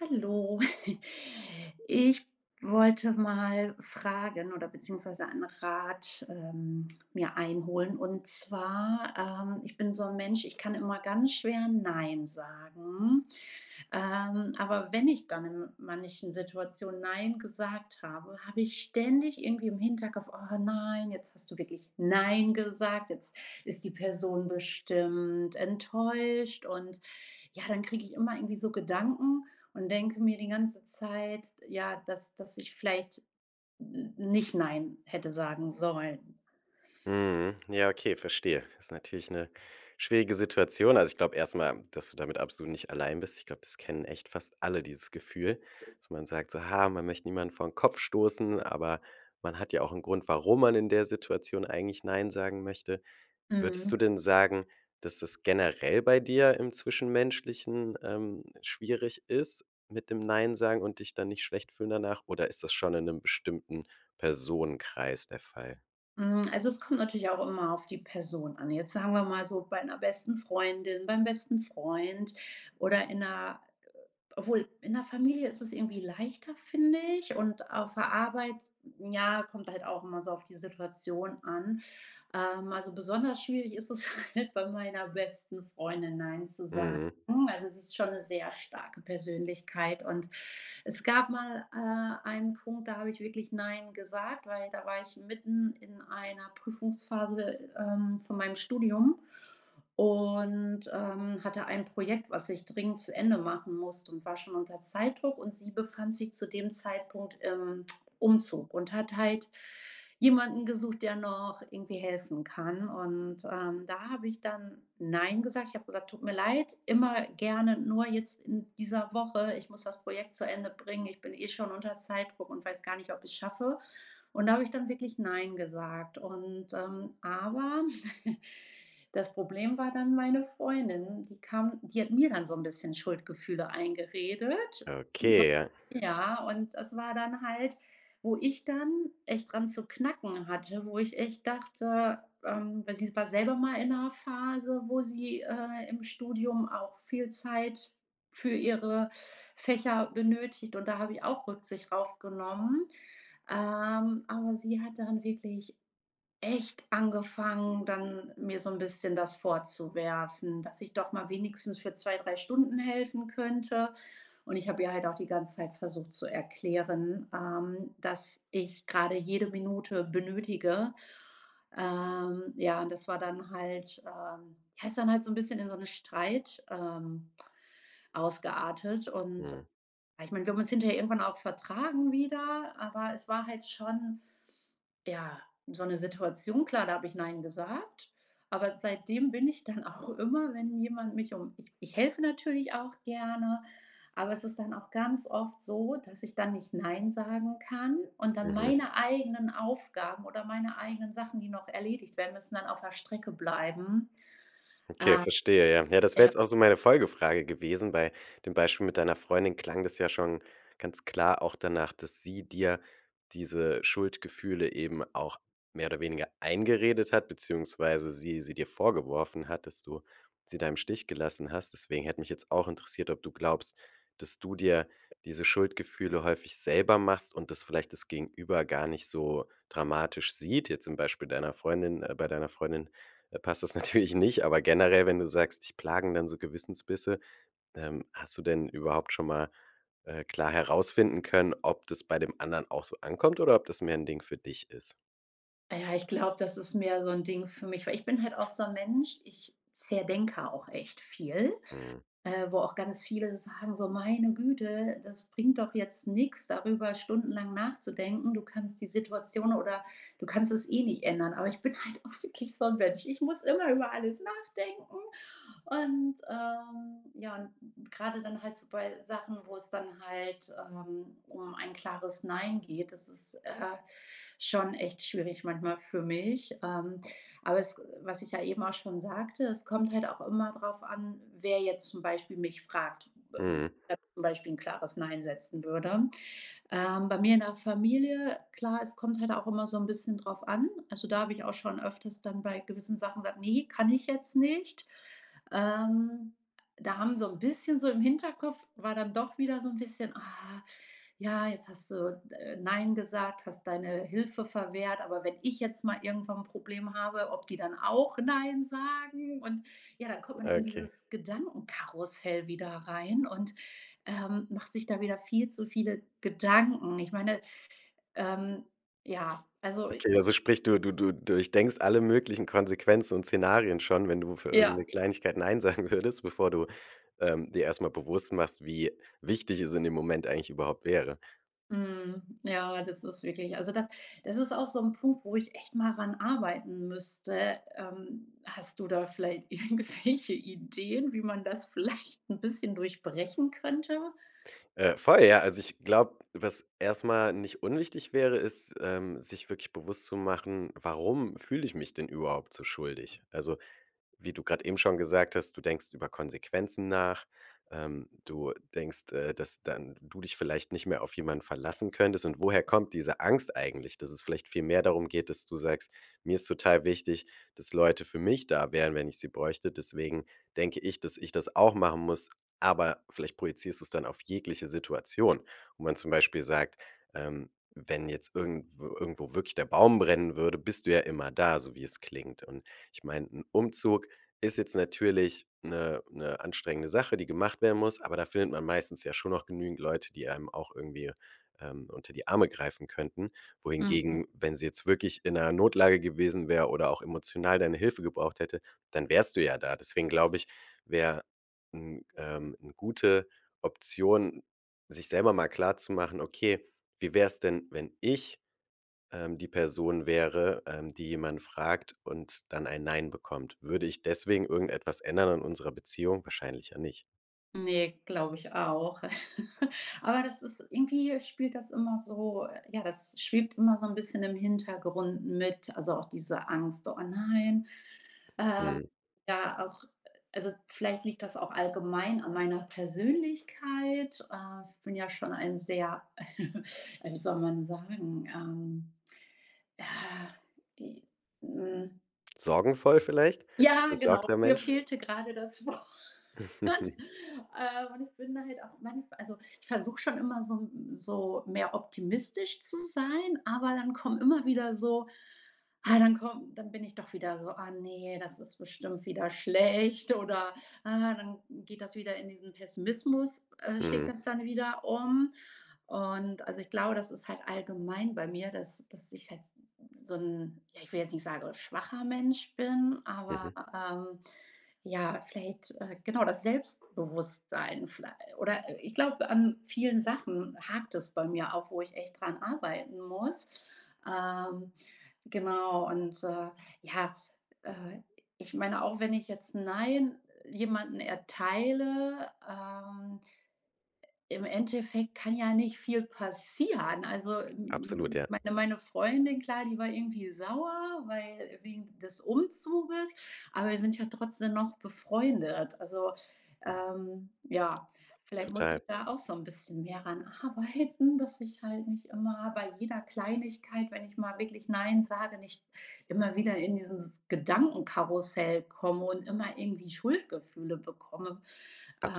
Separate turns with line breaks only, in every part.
Hallo. Ich wollte mal fragen oder beziehungsweise einen Rat, ähm, mir einholen. Und zwar, ähm, ich bin so 'n Mensch, ich kann immer ganz schwer nein sagen. Ähm, aber wenn ich dann in manchen Situationen nein gesagt habe, habe ich ständig irgendwie im Hinterkopf: „Oh nein, jetzt hast du wirklich nein gesagt, jetzt ist die Person bestimmt enttäuscht.“ Und ja, dann kriege ich immer irgendwie so Gedanken und denke mir die ganze Zeit, ja, dass dass ich vielleicht n nicht nein hätte sagen sollen.
Mhm. Ja, Okay, verstehe. Ist natürlich 'ne schwierige Situation. Also, ich glaube erstmal, dass du damit absolut nicht allein bist. Ich glaube, das kennen echt fast alle dieses Gefühl, dass man sagt so: „Ja, man möchte niemanden vor den Kopf stoßen.“ Aber man hat ja auch 'n Grund, warum man in der Situation eigentlich nein sagen möchte. Würdest du
Mhm.
denn sagen, dass das generell bei dir im Zwischenmenschlichen, ähm, schwierig ist mit dem nein sagen und dich dann nicht schlecht fühlen danach, oder ist das schon in 'nem bestimmten Personenkreis der Fall?
Hm, also, es kommt natürlich auch immer auf die Person an. Jetzt sagen wir mal so, bei 'ner besten Freundin, beim besten Freund oder in der, äh obwohl in der Familie ist es irgendwie leichter, finde ich, und auf der Arbeit, ja, kommt halt auch immer so auf die Situation an. Ähm, also, besonders schwierig ist es halt bei meiner besten Freundin, Nein zu sagen.
Mhm.
Also, es ist schon 'ne sehr starke Persönlichkeit und es gab mal, äh, einen Punkt, da habe ich wirklich Nein gesagt, weil da war ich mitten in einer Prüfungsphase, ähm, von meinem Studium, und, ähm, hatte ein Projekt, was ich dringend zu Ende machen musste und war schon unter Zeitdruck. Und sie befand sich zu dem Zeitpunkt im Umzug und hat halt jemanden gesucht, der noch irgendwie helfen kann. Und, ähm, da habe ich dann Nein gesagt, ich habe gesagt: „Tut mir leid, immer gerne, nur jetzt in dieser Woche, ich muss das Projekt zu Ende bringen. Ich bin eh schon unter Zeitdruck und weiß gar nicht, ob ich es schaffe.“ Und da habe ich dann wirklich Nein gesagt und, ähm aber das Problem war dann meine Freundin. Die kam die hat mir dann so 'n bisschen Schuldgefühle eingeredet.
Okay, ja.
[unintelligible] Ja, und das war dann halt, wo ich dann echt dran zu knacken hatte. Wo ich echt dachte, ähm weil sie war selber mal in 'ner Phase, wo sie, äh, im Studium auch viel Zeit für ihre Fächer benötigt und da habe ich auch Rücksicht drauf genommen. Ähm, aber sie hat dann wirklich echt angefangen, dann mir so 'n bisschen das vorzuwerfen, dass ich doch mal wenigstens für 2, 3 Stunden helfen könnte. Und ich habe ihr halt auch die ganze Zeit versucht zu erklären, ähm, dass ich gerade jede Minute benötige. Ähm, ja, und das war dann halt, ähm ja, ist dann halt so ein bisschen in so 'ne Streit, ähm, ausgeartet und
Mhm.
ja, ich meine, wir haben uns hinter irgendwann auch vertragen wieder, aber es war halt schon, ja, so 'ne Situation klar, da habe ich Nein gesagt. Aber seitdem bin ich dann auch immer, wenn jemand mich um ich ich helfe natürlich auch gerne, aber es ist dann auch ganz oft so, dass ich dann nicht Nein sagen kann und dann
Mhm.
meine eigenen Aufgaben oder meine eigenen Sachen, die noch erledigt werden, dann auf der Strecke bleiben.
Okay, verstehe. Ja, ja, das
Ähm.
wäre
Ja.
jetzt auch so meine Folgefrage gewesen. Bei dem Beispiel mit deiner Freundin klang das ja schon ganz klar auch danach, dass sie dir diese Schuldgefühle eben auch mehr oder weniger eingeredet hat, beziehungsweise sie sie dir vorgeworfen hat, dass du sie da im Stich gelassen hast. Deswegen hätte mich jetzt auch interessiert, ob du glaubst, dass du dir diese Schuldgefühle häufig selber machst und das vielleicht das Gegenüber gar nicht so dramatisch sieht? Jetzt zum Beispiel deiner Freundin äh, bei deiner Freundin passt das natürlich nicht, aber generell, wenn du sagst, dich plagen dann so Gewissensbisse, ähm, hast du denn überhaupt schon mal, äh, klar herausfinden können, ob das bei dem anderen auch so ankommt oder ob das mehr 'n Ding für dich ist?
Ja, ich glaube, das ist mehr so 'n Ding für mich, weil ich bin halt auch so 'n Mensch, ich zerdenke auch echt viel,
Mhm.
äh, wo auch ganz viele sagen, so: „Meine Güte, das bringt doch jetzt nix darüber stundenlang nachzudenken. Du kannst die Situation oder du kannst es eh nicht ändern.“ Aber ich bin halt auch wirklich so 'n Mensch. Ich muss immer über alles nachdenken und, ähm ja, und gerade dann halt so bei Sachen, wo es dann halt, ähm, um ein klares Nein geht, das ist, äh, schon echt schwierig manchmal für mich, ähm, aber es, äh was ich ja eben auch schon sagte, es kommt halt auch immer darauf an, wer jetzt zum Beispiel mich fragt
Mhm.
[unintelligible] zum Beispiel 'n klares Nein setzen würde. Ähm, bei mir in der Familie klar, es kommt halt auch immer so 'n bisschen drauf an. Also, da habe ich auch schon öfters dann bei gewissen Sachen gesagt: „Ne, kann ich jetzt nicht.“ Ähm, da haben so 'n bisschen so, im Hinterkopf war dann doch wieder so 'n bisschen: „Ah, ja, jetzt hast du, äh, nein gesagt, hast deine Hilfe verwehrt, aber wenn ich jetzt mal irgendwann 'n Problem habe, ob die dann auch nein sagen.“ Und ja, dann kommt man in
Okay.
dieses Gedankenkarussell wieder rein und, ähm, macht sich da wieder viel zu viele Gedanken. Ich meine, ähm ja, also i
Okay, also sprich du du du durchdenkst alle möglichen Konsequenzen und Szenarien schon, wenn du für irgend
Ja.
'ne Kleinigkeit nein sagen würdest, bevor du, ähm, dir erstmal bewusst machst, wie wichtig es in dem Moment eigentlich überhaupt wäre.
Mhm. Ja, das ist wirklich also da das ist auch so 'n Punkt, wo ich echt mal ran arbeiten müsste. Ähm, hast du da vielleicht irgendwelche Ideen, wie man das vielleicht 'n bisschen durchbrechen könnte?
Äh, voll. Ja, also, ich glaube, was erst mal nicht unwichtig wäre, ist, ähm, sich wirklich bewusst zu machen: Warum fühle ich mich denn überhaupt so schuldig? Also, wie du gerade eben schon gesagt hast, du denkst über Konsequenzen nach. Ähm, du denkst, äh, dass dann du dich vielleicht nicht mehr auf jemanden verlassen könntest. Und woher kommt diese Angst eigentlich, dass es vielleicht viel mehr darum geht, dass du sagst: „Mir ist total wichtig, dass Leute für mich da wären, wenn ich sie bräuchte. Deswegen denke ich, dass ich das auch machen muss.“ Aber vielleicht projizierst du es dann auf jegliche Situation, wo man zum Beispiel sagt, ähm, wenn jetzt irgendw irgendwo wirklich der Baum brennen würde, bist du ja immer da, so wie es klingt. Und ich meine, 'n Umzug ist jetzt natürlich 'ne 'ne anstrengende Sache, die gemacht werden muss. Aber da findet man meistens ja schon noch genügend Leute, die einem auch irgendwie, ähm, unter die Arme greifen könnten.
Mhm.
Wohingegen, wenn sie jetzt wirklich in 'ner Notlage gewesen wäre oder auch emotional deine Hilfe gebraucht hätte, dann wärst du ja da. Deswegen glaube ich, wäre, hm, ähm, 'ne gute Option, sich selber mal klarzumachen: „Okay, wie wäre es denn, wenn ich, ähm, die Person wäre, ähm, die jemand fragt und dann ein Nein bekommt? Würde ich deswegen irgendetwas ändern an unserer Beziehung? Wahrscheinlich ja nicht.“
Ne, glaube ich auch. Aber das ist irgendwie spielt das immer so ja, das schwebt immer so 'n bisschen im Hintergrund mit, also auch diese Angst, so: „Oh, nein." Ähm,
Mhm.
ja auch also vielleicht liegt das auch allgemein an meiner Persönlichkeit. Äh, ich bin ja schon ein sehr, äh, wie soll man sagen, ähm, ja, e hm
Sorgenvoll vielleicht?
Ja, genau,
Besorgter
mir
Mensch?
fehlte gerade das Wort, äh, und ich bin da halt auch manchmal also, ich versuche schon immer so 'n so mehr optimistisch zu sein, aber dann kommen immer wieder so ah, dann kommen dann bin ich doch wieder so: „Ah ne, das ist bestimmt wieder schlecht" oder, äh dann geht das wieder in diesen Pessimismus, äh, schlägt
Mhm.
das dann wieder um. Und also, ich glaube, das ist halt allgemein bei mir, dass dass ich halt so 'n ja ich will jetzt nicht sagen, schwacher Mensch bin, aber,
Mhm.
ähm, ja, vielleicht, äh genau das Selbstbewusstsein viellei oder ich glaube an vielen Sachen hakt es bei mir auch, wo ich echt dran arbeiten muss. Ähm, genau und, äh, ja, äh, ich meine auch, wenn ich jetzt 'n Nein jemanden erteile, ähm im Endeffekt kann ja nicht viel passieren. Also, m m
Absolut,
m
ja.
meine meine Freundin klar, die war irgendwie sauer, weil wegen des Umzuges, aber wir sind ja trotzdem noch befreundet. Also, ähm, ja, vielleicht muss
Total.
ich da auch so 'n bisschen mehr daran arbeiten, dass ich halt nicht immer bei jeder Kleinigkeit, wenn ich mal wirklich nein sage, nicht immer wieder in dieses Gedankenkarussell komme und immer irgendwie Schuldgefühle bekomme.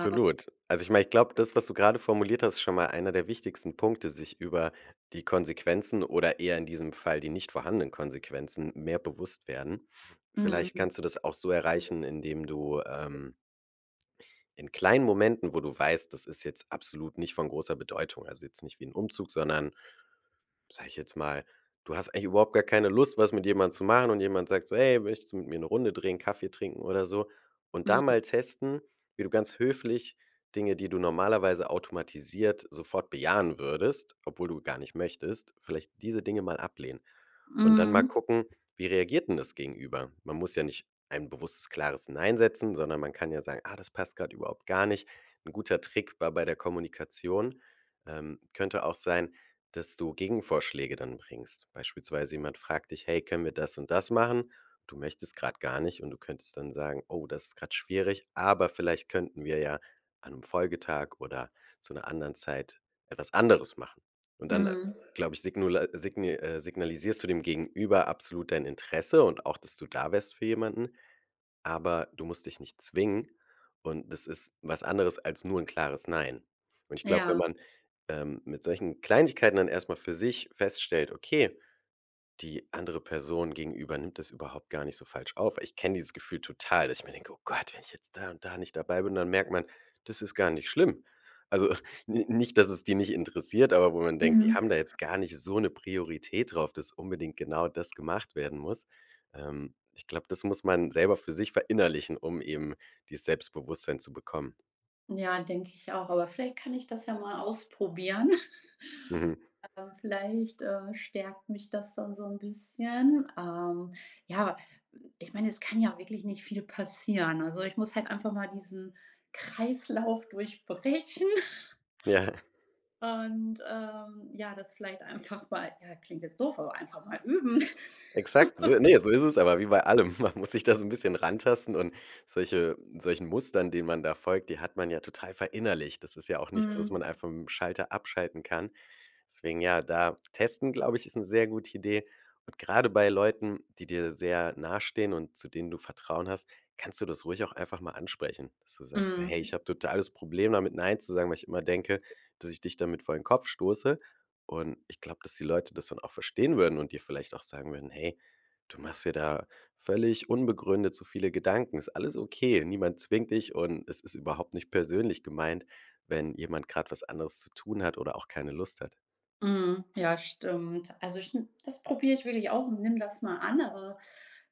Äh
Also, ich meine, ich glaube, das, was du gerade formuliert hast, ist schon mal einer der wichtigsten Punkte, sich über die Konsequenzen oder eher, in diesem Fall, die nicht vorhandenen Konsequenzen mehr bewusst werden. Vielleicht
Mhm.
kannst du das auch so erreichen, indem du, ähm in kleinen Momenten, wo du weißt, das ist jetzt absolut nicht von großer Bedeutung, also jetzt nicht wie 'n Umzug, sondern, sage ich jetzt mal, du hast eigentlich überhaupt gar keine Lust, was mit jemandem zu machen. Und jemand sagt so: „Hey, möchtest du mit mir ‘ne Runde drehen, Kaffee trinken oder so?" und da
Mhm.
mal testen, wie du ganz höflich Dinge, die du normalerweise automatisiert sofort bejahen würdest, obwohl du gar nicht möchtest, vielleicht diese Dinge mal ablehnen und dann mal
Mhm.
gucken, wie reagiert denn das Gegenüber? Man muss ja nicht ein bewusstes klares Nein setzen, sondern man kann ja sagen: „Ah, das passt gerade überhaupt gar nicht." ‘N guter Trick war bei der Kommunikation, ähm könnte auch sein, dass du Gegenvorschläge dann bringst. Beispielsweise jemand fragt dich: „Hey, können wir das und das machen?" Du möchtest gerade gar nicht. Und du könntest dann sagen: „Oh, das ist gerade schwierig. Aber vielleicht könnten wir ja an 'nem Folgetag oder zu 'ner anderen Zeit etwas anderes machen." Und dann,
Mhm.
glaube ich, signula signir äh, signalisierst du dem Gegenüber absolut dein Interesse und auch, dass du da wärst für jemanden. Aber du musst dich nicht zwingen. Und das ist was anderes als nur 'n klares Nein. Und ich glaube, wenn
Ja.
man, ähm, mit solchen Kleinigkeiten dann erstmal für sich feststellt: „Okay, die andere Person gegenüber nimmt das überhaupt gar nicht so falsch auf." Ich kenne dieses Gefühl total, dass ich mir denke: „Oh Gott, wenn ich jetzt da und da nicht dabei bin, dann merkt man, das ist gar nicht schlimm." Also n nicht, dass es die nicht interessiert, aber wo man denkt, die
Mhm.
haben da jetzt gar nicht so 'ne Priorität drauf, dass unbedingt genau das gemacht werden muss. Ähm, ich glaube, das muss man selber für sich verinnerlichen, um eben dieses Selbstbewusstsein zu bekommen.
Ja, denke ich auch, aber vielleicht kann ich das ja mal ausprobieren.
Mhm.
Ähm, vielleicht, äh, stärkt mich das dann so 'n bisschen. Ähm, ja, ich meine, es kann ja wirklich nicht viel passieren. Also, ich muss halt einfach mal diesen Kreislauf durchbrechen.
Ja.
Und, ähm, ja, das vielleicht einfach mal ja, klingt jetzt doof, aber einfach mal üben.
Exakt, so ne, so ist es aber wie bei allem. Man muss sich da so 'n bisschen rantasten und solche solchen Mustern, denen man da folgt, die hat man ja total verinnerlicht. Das ist ja auch nichts, was
Mhm.
man einfach mit'm Schalter abschalten kann. Deswegen ja, da testen, glaube ich, ist 'ne sehr gute Idee. Und gerade bei Leuten, die dir sehr nahestehen und zu denen du Vertrauen hast, kannst du das ruhig auch einfach mal ansprechen, dass du sagst: „So hey,
Mhm.
ich habe totales Problem damit nein zu sagen, weil ich immer denke, dass ich dich damit vor den Kopf stoße.“ Und ich glaube, dass die Leute das dann auch verstehen würden und dir vielleicht auch sagen würden: „Hey, du machst dir da völlig unbegründet so viele Gedanken. Ist alles okay.“ Niemand zwingt dich und es ist überhaupt nicht persönlich gemeint, wenn jemand gerade was anderes zu tun hat oder auch keine Lust hat.
Mhm, ja, stimmt. Also stim das probiere ich wirklich auch und nimm das mal an. Also,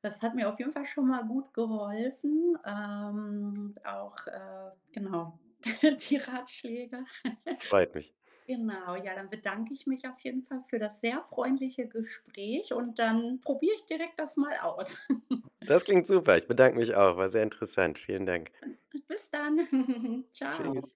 das hat mir auf jeden Fall schon mal gut geholfen. Ähm, auch, äh, genau die Ratschläge.
Es freut mich.
Genau, ja. Dann bedanke ich mich auf jeden Fall für das sehr freundliche Gespräch und dann probiere ich direkt das mal aus.
Das klingt super. Ich bedanke mich auch. War sehr interessant. Vielen Dank.
Bis dann. Tschau.
Tschüss.